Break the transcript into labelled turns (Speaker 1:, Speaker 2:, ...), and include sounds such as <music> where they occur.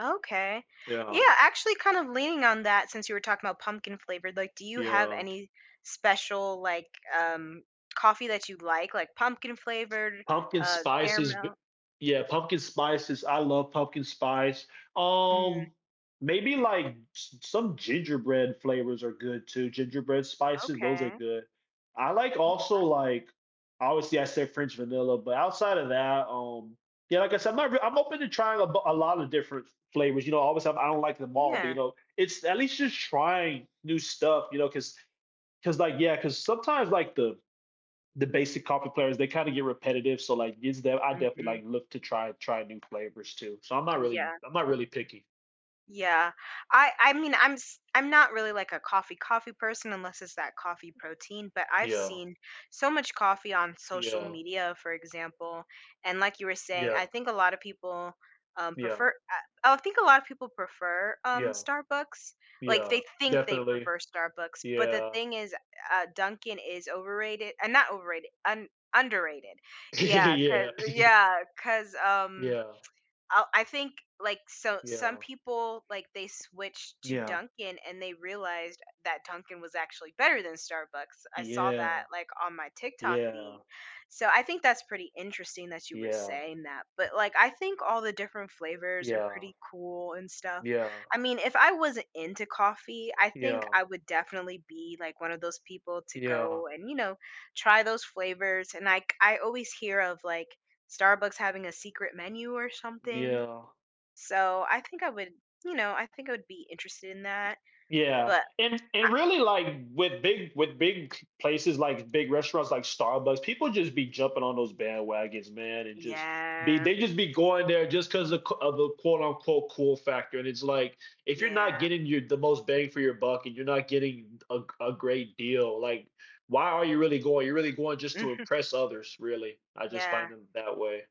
Speaker 1: Okay. Yeah,
Speaker 2: Yeah.
Speaker 1: actually, kinda leaning on that since you were talking about pumpkin flavored, like, do you have
Speaker 2: Yeah.
Speaker 1: any special, like, um, coffee that you'd like, like, pumpkin flavored,
Speaker 2: Pumpkin
Speaker 1: uh,
Speaker 2: spices b
Speaker 1: caramel?
Speaker 2: yeah, pumpkin spices I love pumpkin spice.
Speaker 1: Mm.
Speaker 2: Um, maybe, like, s some gingerbread flavors are good too. Gingerbread spices, those are
Speaker 1: Okay.
Speaker 2: good. I like also,
Speaker 1: Okay.
Speaker 2: like obviously I said French vanilla, but outside of that, um, yeah, like I said, my r I'm open to trying a b lot of different f flavors, you know, obviously, I don't like them all, but, you
Speaker 1: Yeah.
Speaker 2: know, it's at least just trying new stuff, you know, 'cause 'cause, like, yeah, 'cause sometimes, like, the the basic coffee flavors, they kinda get repetitive, so like, is there I definitely
Speaker 1: Mhm.
Speaker 2: like look to try try new flavors too. So, I'm not really
Speaker 1: Yeah.
Speaker 2: I'm not really picky.
Speaker 1: Yeah. I I mean, I'm s I'm not really, like, a coffee, coffee person unless it's that coffee protein, but I've
Speaker 2: Yeah.
Speaker 1: seen so much coffee on social
Speaker 2: Yeah.
Speaker 1: media, for example, and like you were saying, I
Speaker 2: Yeah.
Speaker 1: think a lotta people, um,
Speaker 2: Yeah.
Speaker 1: prefer uh, I think a lot of people prefer, um,
Speaker 2: Yeah.
Speaker 1: Starbucks, like
Speaker 2: Yeah.
Speaker 1: they think they
Speaker 2: Definitely.
Speaker 1: prefer Starbucks, but the
Speaker 2: Yeah.
Speaker 1: thing is, uh, Dunkin' is overrated uh, not overrated, un underrated. Yeah,
Speaker 2: <giggles>
Speaker 1: 'cause
Speaker 2: Yeah. <giggles>
Speaker 1: yeah, 'cause, um, <tsk>
Speaker 2: Yeah.
Speaker 1: I'll I think, like so, some
Speaker 2: Yeah.
Speaker 1: people, like, they switched to
Speaker 2: Yeah.
Speaker 1: Dunkin' and they realized that Dunkin' was actually better than Starbucks. I saw that,
Speaker 2: Yeah.
Speaker 1: like, on my TikTok feed.
Speaker 2: Yeah.
Speaker 1: So, I think that's pretty interesting that you were
Speaker 2: Yeah.
Speaker 1: saying that, but, like, I think all the different flavors are
Speaker 2: Yeah.
Speaker 1: pretty cool and stuff.
Speaker 2: Yeah.
Speaker 1: I mean, if I wasn't into coffee, I think
Speaker 2: Yeah.
Speaker 1: I would definitely be like one of those people to
Speaker 2: Yeah.
Speaker 1: go and, you know, try those flavors, and, like, I always hear of, like, Starbucks having a secret menu or something,
Speaker 2: Yeah.
Speaker 1: so I think I would you know, I think I would be interested in that,
Speaker 2: Yeah,
Speaker 1: but
Speaker 2: and
Speaker 1: a
Speaker 2: and really, like, with big with big places, like, big restaurants, like Starbucks, people just be jumping on those bandwagons, man, and just be
Speaker 1: Yeah.
Speaker 2: they just be going there just 'cause a q of a quote, unquote "cool factor," and it's like, if you're not
Speaker 1: Yeah.
Speaker 2: getting your the most bang for your buck and you're not getting a g a great deal, like, why are you really going? You're really going just to
Speaker 1: Mhm.
Speaker 2: impress others, really. I just find
Speaker 1: Yeah.
Speaker 2: them that way.